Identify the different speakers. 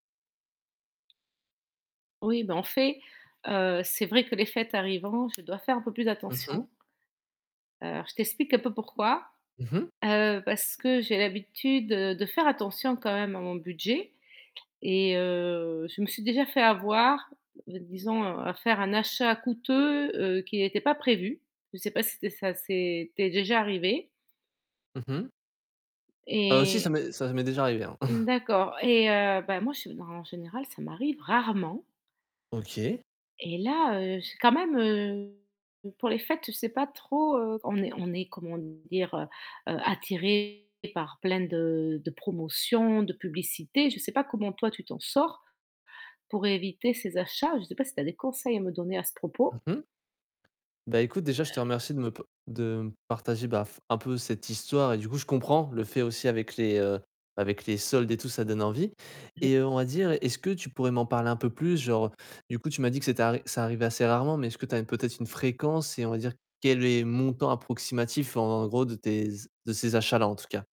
Speaker 1: Oui bah en fait, heu, c'est vrai que les fêtes arrivant, je dois faire un peu plus
Speaker 2: Mmh mh.
Speaker 1: attention. Heu, alors je t'explique un peu pourquoi.
Speaker 2: Mmh mh.
Speaker 1: Heu, parce que j'ai l'habitude de faire attention quand même à mon budget. Et heu, je me suis déjà fait avoir, d disons à faire un achat coûteux, heu, qui était pas prévu. Je sais pas si tu es si ça s'est ça t'es déjà arrivé?
Speaker 2: Mmh mh. Heu, si ça
Speaker 1: Et
Speaker 2: m'est ça m'est déjà arrivé hein.
Speaker 1: D'accord. Et heu, bah moi je s en général, ça m'arrive rarement.
Speaker 2: OK.
Speaker 1: Et là heu, je quand même heu, heu, pour les fêtes, je sais pas trop, heu, on est on est comment dire, heu? Heu, attiré par plein de de promotions, de publicités, je sais pas comment toi tu t'en sors, pour éviter ces achats? Je sais pas si tu as des conseils à me donner à ce
Speaker 2: Mmh
Speaker 1: propos?
Speaker 2: mh. Bah écoute, déjà, je te
Speaker 1: Heu
Speaker 2: remercie de me p de me partager bah f un peu cette histoire et du coup, je comprends le fait aussi avec les, heu, avec les soldes et tout, ça donne envie.
Speaker 1: Oui.
Speaker 2: Et heu, on va dire est-ce que tu pourrais m'en parler un peu plus genre du coup, tu m'as dit que c'était ar ça arrivait assez rarement, mais est-ce que tu as peut-être une fréquence? Et on va dire, quel est le montant approximatif en gros de tes z de ces achats-là en tout cas?